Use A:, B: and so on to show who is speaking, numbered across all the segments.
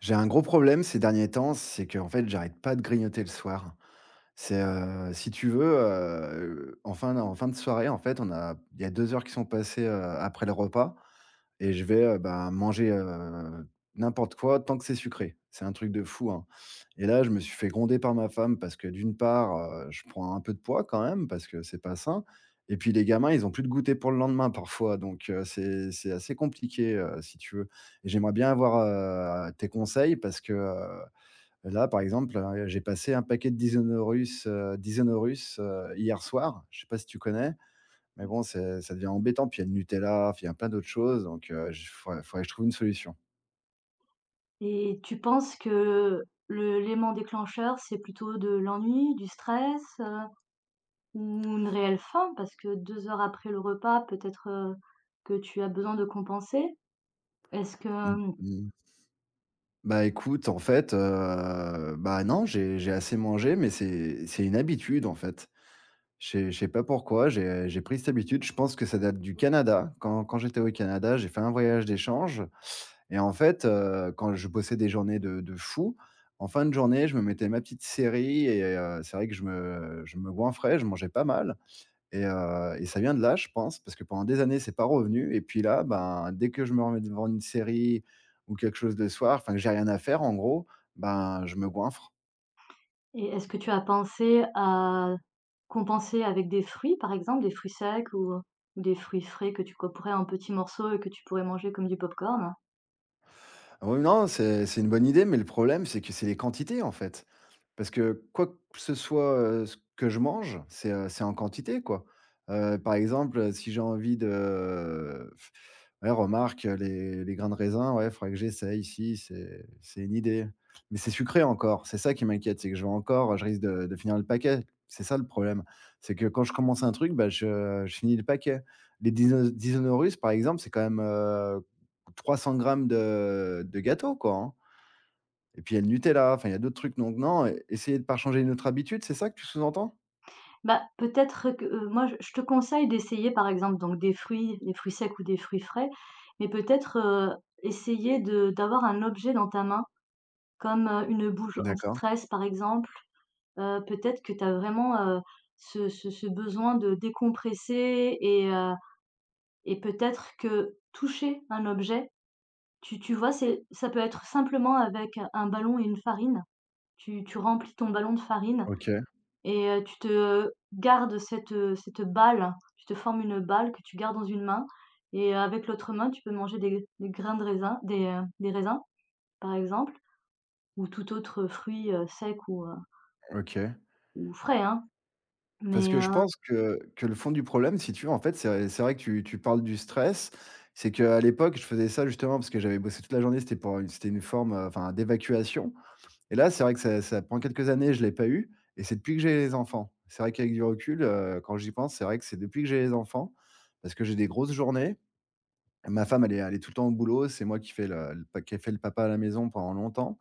A: J'ai un gros problème ces derniers temps, c'est qu'en fait, j'arrête pas de grignoter le soir. C'est, heu, si tu veux, heu enfin, non: en fin de soirée, en fait, on a il y a 2 heures qui sont passées, heu, après le repas, et je vais, heu, ben manger, heu, n'importe quoi tant que c'est sucré. C'est un truc de fou, hein, et là je me suis fait gronder par ma femme parce que d'une part, heu, je prends un peu de poids, quand même, parce que c'est pas sain, et puis les gamins ils ont plus de goûter pour le lendemain, parfois, donc, heu, c'est c'est assez compliqué, heu, si tu veux. J'aimerais bien avoir, heu, tes conseils parce que, heu, là par exemple hein, heu, j'ai passé un paquet de Dinosaurus heu, Dinosaurus heu, hier soir, je sais pas si tu connais. Mais bon, c'est ça devient embêtant, puis il y a le Nutella, f il y a plein d'autres choses donc, heu, j fau faudrait que je trouve une solution.
B: Et tu penses que le lément déclencheur c'est plutôt de l'ennui, du stress, heu, ou une réelle faim, parce que 2 heures après le repas peut-être, heu, que tu as besoin de compenser? Est-ce que,
A: Mmh.
B: mmh
A: Mmh mh. Bah écoute, en fait heu bah non, j'ai j'ai assez mangé mais c'est c'est une habitude, en fait. Je sais je sais pas pourquoi, j'ai j'ai pris cette habitude. Je pense que ça date du Canada, quand quand j'étais au Canada. J'ai fait un voyage d'échange et en fait, heu, quand je bossais des journées de de fou, en fin de journée, je me mettais ma petite série et heu, c'est vrai que je me je me goinfrais, je mangeais pas mal, et heu, et ça vient de là, je pense, parce que pendant des années c'est pas revenu, et puis là, ben, dès que je me remets devant une série ou quelque chose le soir enfin j'ai rien à faire, en gros, ben je me goinfre.
B: Et est-ce que tu as pensé à compenser avec des fruits par exemple, des fruits secs ou, heu, des fruits frais que tu couperais un petit morceaux et que tu pourrais manger comme du popcorn?
A: Oui non, c'est c'est une bonne idée, mais le problème, c'est que c'est les quantités en fait. Parce que quoi que ce soit, heu, ce que je mange, c'est, heu, c'est en quantité quoi. Heu, par exemple, heu, si j'ai envie de, ouais, remarque, heu, les les grains de raisin, ouais, faudra que j'essaie si, c'est c'est une idée. Mais c'est sucré encore, c'est ça qui m'inquiète, c'est que j'aurais encore, heu, je risque de de finir le paquet. C'est ça le problème, c'est que quand je commence un truc, bah, je, heu, je finis le paquet. Les Dinos Dinosaurus par exemple, c'est quand même, heu, 300 grammes de de gâteaux quoi, hein et puis il y a le Nutella, enfin, il y a d'autres trucs, donc non, essayer de par changer une autre habitude, c'est ça que tu sous-entends?
B: Bah, peut-être, heu, que, heu, moi je te conseille d'essayer par exemple donc des fruits, des fruits secs ou des fruits frais, mais peut-être, heu, essayer de d'avoir un objet dans ta main, comme, heu, une bouge
A: D'accord.
B: anti-stress par exemple. Heu, peut-être que tu as vraiment, heu, ce ce ce besoin de décompresser et heu et peut-être que toucher un objet, tu tu vois? C'est ça peut être simplement avec un ballon et une farine. Tu tu remplis ton ballon de farine
A: OK.
B: et heu, tu te garde cette, heu, cette balle, tu te formes une balle que tu gardes dans une main et avec l'autre main, tu peux manger des g des grains de raisin, des, heu, des raisins, par exemple ou tout autre fruit, heu, sec ou, heu
A: OK.
B: ou frais, hein,
A: Parce
B: mais,
A: que je
B: heu
A: pense que que le fond du problème, si tu veux en fait, c'est v c'est vrai que tu tu parles du stress, c'est qu'à l'époque, je faisais ça justement parce que j'avais bossé toute la journée, c'était pour u c'était une forme, heu, enfin d'évacuation et là, c'est vrai que ça ça pendant quelques années, je l'ai pas eu et c'est depuis que j'ai les enfants. C'est vrai qu'avec du recul, heu, quand j'y pense, c'est vrai que c'est depuis que j'ai les enfants, parce que j'ai des grosses journées. Ma femme, elle est a elle est tout le temps au boulot, c'est moi qui fait le le pa qui est fait le papa à la maison pendant longtemps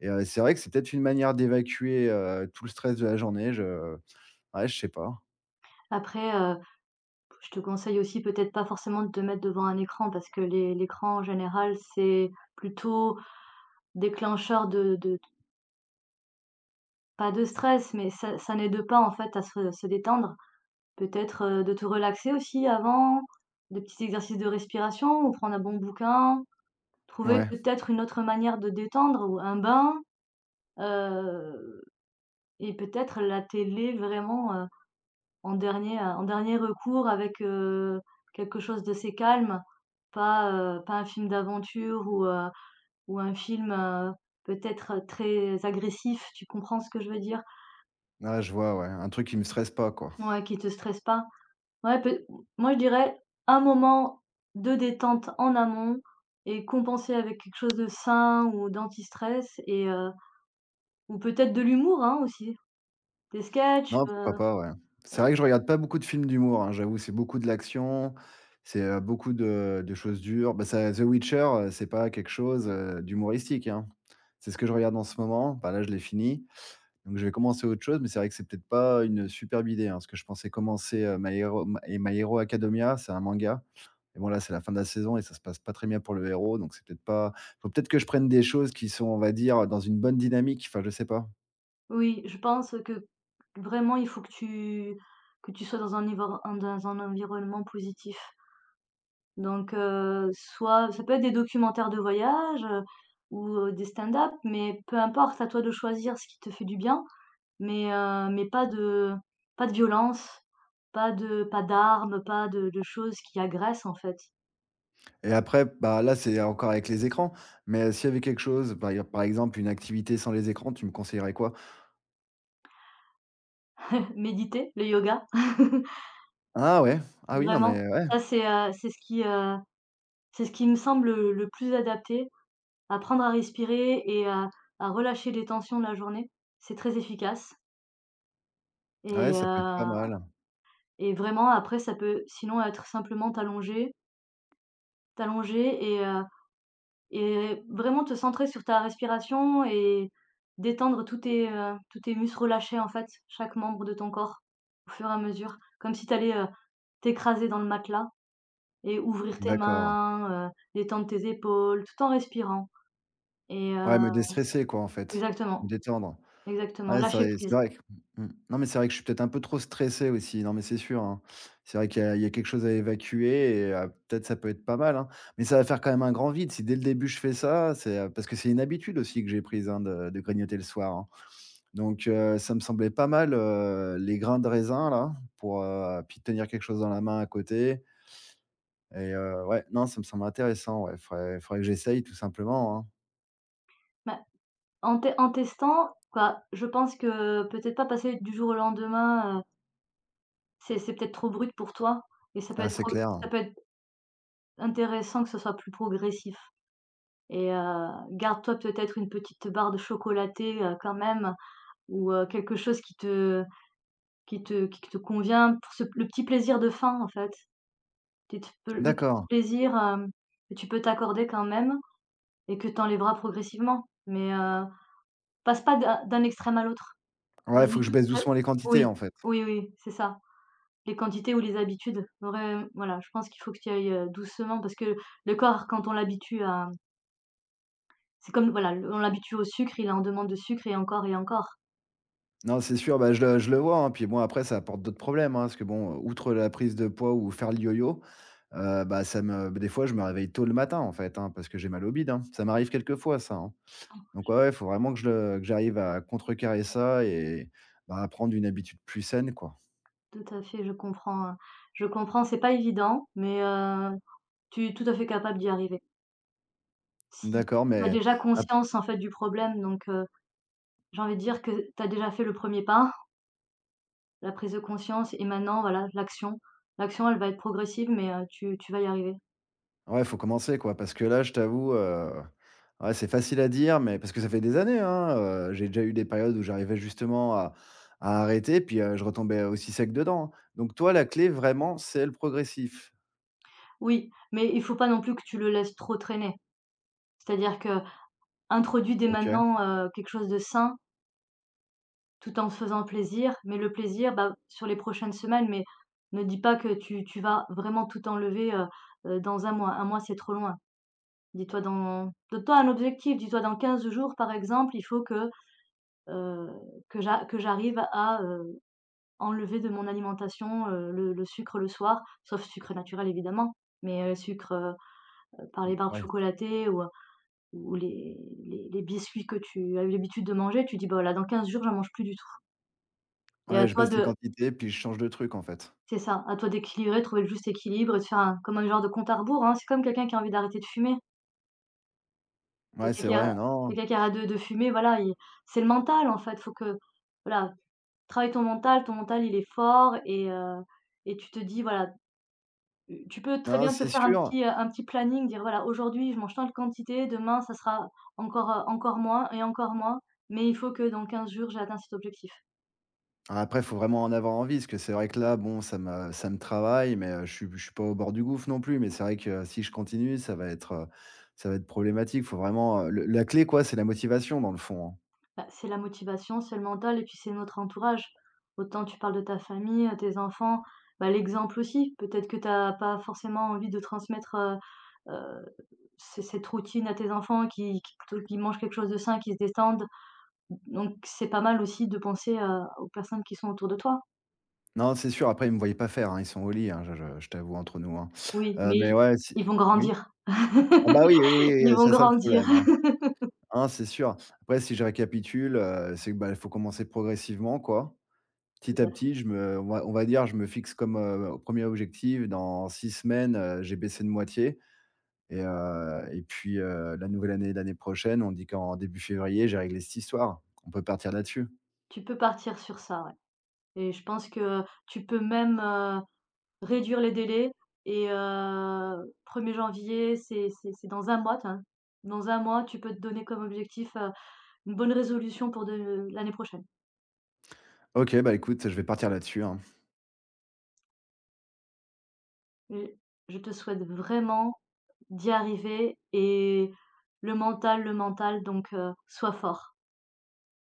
A: et heu, c'est vrai que c'est peut-être une manière d'évacuer, heu, tout le stress de la journée, je ouais, je sais pas.
B: Après, heu, p je te conseille aussi peut-être pas forcément te mettre devant un écran parce que l'é l'écran en général c'est plutôt déclencheur de de d pas de stress, mais ça ça n'aide pas, en fait, à se se détendre. Peut-être de te relaxer aussi avant, des petits exercices de respiration ou prendre un bon bouquin, trouver
A: Ouais.
B: peut-être une autre manière de détendre ou un bain. Heu et peut-être la télé vraiment, heu, en dernier heu, en dernier recours avec, heu, quelque chose d'assez calme, pas, heu, pas un film d'aventure ou, heu, ou un film, heu, peut-être très agressif. Tu comprends ce que je veux dire?
A: Ah, je vois. Ouais, un truc qui me stresse pas quoi.
B: Ouais, qui te stresse pas. Ouais pe m moi, je dirais un moment de détente en amont et compenser avec quelque chose de sain ou d'anti-stress et heu ou peut-être de l'humour, hein, aussi. Des sketchs,
A: Non,
B: heu.
A: pourquoi pas. Ouais. C'est
B: [unintelligible]
A: vrai que je regarde pas beaucoup de films d'humour, hein, j'avoue. C'est beaucoup de l'action, c'est, heu, beaucoup de, heu, de choses dures, bah, ça The Witcher c'est pas quelque chose, heu, d'humoristique, hein. C'est ce que je regarde en ce moment, bah, là, je l'ai fini. Donc, je vais commencer autre chose, mais c'est vrai que c'est peut-être pas une superbe idée, hein, parce que je pensais commencer, heu, My Hero My My Hero Acadomia, c'est un manga et bon, c'est la fin de la saison et ça se passe pas très bien pour le héros, donc c'est peut-être pas il faut peut-être que je prenne des choses qui sont on va dire: «Heu, dans une bonne dynamique» enfin, je sais pas.
B: Oui, je pense que, vraiment, il faut que tu que tu sois dans un nivore un dans un environnement positif... donc, heu, soit ça peut être des documentaires de voyages, heu, ou, heu, des stand-up, mais peu importe, à toi de choisir ce qui te fait du bien, mais, heu, mais pas de pas de violence, pas de pas d'armes, pas de de choses qui agressent en fait.
A: Et après, bah là, c'est encore avec les écrans, mais s'il y avait quelque chose, par exemple par exemple une activité sans les écrans, tu me conseillerais quoi?
B: Méditer, le yoga.
A: Ah ouais. Ah oui. Non,
B: Vraiment,
A: mais ouais.
B: ça, c'est, heu, c'est ce qui heu, c'est ce qui me semble, heu, le plus adapté. Apprendre à respirer et à à relâcher les tensions de la journée. C'est très efficace.
A: Ouais,
B: Et
A: ça peut être pas
B: heu,
A: mal.
B: et vraiment après ça peut sinon être simplement t'allonger t'allonger et heu, et vraiment te centrer sur ta respiration et détendre tous tes, heu, tous tes muscles relâchés, en fait, chaque membre de ton corps au fur et à mesure, comme si t'allais, heu, t'écraser dans le matelas et ouvrir tes
A: D'accord.
B: mains, heu, détendre tes épaules, tout en respirant et
A: Ouais
B: heu
A: me déstresser quoi en fait, me
B: exactement,
A: détendre.
B: exactement,
A: Ouais, c'est
B: lâcher
A: vrai c'est
B: prise.
A: vrai q mmh, non mais c'est vrai que je suis peut-être un peu trop stressé, aussi. Non mais c'est sûr, hein. C'est vrai qu'il y a il y a quelque chose à évacuer et heu, peut-être ça peut être pas mal, hein, mais ça va faire quand même un grand vide si dès le début je fais ça c'est, heu, parce que c'est une habitude aussi que j'ai prise, hein, de de grignoter le soir, hein donc, heu, ça me semblait pas mal, heu, les grains de raisin là pour heu, puis tenir quelque chose dans la main à côté et heu, ouais. Non, ça me semble intéressant, ouais, il faudrait il faudrait que j'essaye tout simplement, hein.
B: Bah, en tè en testant, quoi. Je pense que, peut-être pas passer du jour au lendemain, heu c'est c'est peut-être trop brut pour toi. Et ça peut
A: Ah,
B: être
A: c'est
B: trop
A: clair.
B: ça peut être intéressant, que ce soit plus progressif. Et heu, garde-toi, peut-être, une petite barre de chocolatée, heu, quand même, ou, heu, quelque chose qui te qui te qui te convient pour se p le petit plaisir de fin, en fait. Petite, heu, le petit
A: D'accord.
B: plaisir, hem, que tu peux t'accorder, quand même, et que tu enlèveras progressivement. Mais, heu, passe pas d'un d'un extrême à l'autre.
A: Ouais, il faut
B: Vas-y
A: que je
B: dou
A: baisse
B: ah,
A: doucement les quantités,
B: oui.
A: en fait.
B: Oui, oui, c'est ça. Les quantités, ou les habitudes, vraim voilà, je pense qu'il faut que tu y ailles, heu, doucement parce que le corps quand on l'habitue à C'est comme, voilà l on l'habitue au sucre, il est en demande de sucre et encore et encore.
A: Non, c'est sûr, bah, je le je le vois, hein, puis, bon, après, ça apporte d'autres problèmes, hein, parce que, bon, outre la prise de poids ou faire le yo-yo, heu, bah ça me beh, des fois je me réveille tôt le matin, en fait, hein. Parce que j'ai mal au bide, hein. Ça m'arrive quelque fois ça, hein. Donc, ouais,
B: [unintelligible]
A: ouais, il faut vraiment que je le que j'arrive à contrecarrer ça, et bah, à prendre une habitude plus saine, quoi.
B: Tout à fait, je comprends, heu, je comprends, c'est pas évident mais, heu, tu es tout à fait capable d'y arriver. Si tu
A: D'accord,
B: tu as
A: mais
B: déjà
A: ap
B: conscience en fait du problème donc, heu, j'ai envie de dire que tu as déjà fait le 1er pas la prise de conscience et maintenant voilà, l'action, l'action, elle va être progressive, mais heu, tu tu vas y arriver.
A: Ouais, il faut commencer, quoi, parce que là, je t'avoue, heu, ouais, c'est facile à dire, mais parce que ça fait des années, hein, heu, j'ai déjà eu des périodes où j'arrivais justement à à arrêter puis, heu, je retombais aussi sec dedans, donc toi, la clé vraiment, c'est le progressif?
B: Oui, mais il faut pas non plus que tu le laisses trop traîner, c'est-à-dire qu'introduit dès
A: OK.
B: maintenant, heu, quelque chose de sain tout en te faisant plaisir, mais le plaisir, bah, sur les prochaines semaines mais ne dis pas que tu tu vas vraiment tout enlever, heu heu, dans 1 mois. 1 mois, c'est trop loin. Dis-toi, dans donne toi un objectif, dis-toi dans 15 jours par exemple, il faut que, heu, que j'a que j'arrive à, heu, enlever de mon alimentation, heu, le le sucre le soir, sauf sucre naturel évidemment, mais, heu, sucre, par
A: Mmh,
B: les barres
A: ouais.
B: chocolatées ou, heu, ou les les les biscuits que tu as eu l'habitude de manger, tu dis: «Bah là, dans 15 jours, j'en mange plus du tout» et à
A: Ouais, je
B: toi
A: baisse les
B: de
A: quantités puis je change de truc, en fait?
B: C'est ça, à toi d'équilibrer, de trouver le juste équilibre et de faire un comme un genre de compte à rebours, hein. C'est comme quelqu'un qui a envie d'arrêter de fumer. Que
A: Mouais, c'est
B: quelqu'un
A: vrai,
B: que
A: non
B: quelqu'un arrête de de fumer, voilà, i c'est le mental, en fait. Faut que voilà, travaille ton mental. Ton mental, il est fort et heu, et tu te dis: «Voilà». U tu peux très
A: Non,
B: bien te
A: c'est
B: faire un
A: sûr.
B: petit, heu, un petit planning, dire: «Voilà, aujourd'hui, je mange tant de quantités, demain ça sera encore, heu, encore moins et encore moins, mais il faut que, dans 15 jours, j'ai atteint cet objectif».
A: Ah, après, il faut vraiment en avoir envie parce que c'est vrai que, là, bon, ça me ça me travaille, mais heu, je suis b je suis pas au bord du gouffre, non plus, mais c'est vrai que si je continue, ça va être, heu, ça va être problématique. Faut vraiment heu, le la clé, quoi, c'est la motivation, dans le fond, hein.
B: Bah, c'est la motivation, c'est le mental et puis, c'est notre entourage. Autant tu parles de ta famille, heu, tes enfants. Bah, l'exemple, aussi, peut-être que tu as pas forcément envie de transmettre, heu heu, c cette routine à tes enfants, qui qui te qui mangent quelque chose de sain, qui se détendent. D donc c'est pas mal, aussi, de penser à aux personnes qui sont autour de toi.
A: Non, c'est sûr, après, ils me voient pas faire, hein. Ils sont au lit, hein, je je je t'avoue, entre nous, hein.
B: Oui,
A: Heu,
B: mais
A: mais
B: ils
A: ouais, si,
B: ils
A: mmh
B: vont
A: oui?
B: grandir.
A: Ah bah, oui, oui, oui, oui,
B: Ils
A: heu,
B: vont
A: c'est ça, le
B: grandir.
A: problème, hein. Ah non, c'est sûr. Après, si je récapitule, heu, c'est que, bah, il faut commencer progressivement, quoi. Petit
B: Tout
A: à
B: à fait.
A: petit, je me on va on va dire, je me fixe comme, heu, 1er objectif dans 6 semaines, heu j'ai baissé de moitié et heu, et puis, heu, la nouvelle année, l'année prochaine, on dit qu'en début février, j'ai réglé cette histoire. On peut partir là-dessus.
B: Tu peux partir sur ça, ouais et je pense que tu peux même, heu, réduire les délais et heu, 1er janvier, c'est c'est c'est dans 1 mois, tiens. Dans 1 mois, tu peux te donner comme objectif, heu, 1 bonne résolution pour de l'année prochaine.
A: OK, bah, écoute, je vais partir là-dessus, hein.
B: Et je te souhaite vraiment d'y arriver et le mental, le mental, donc heu, soit fort!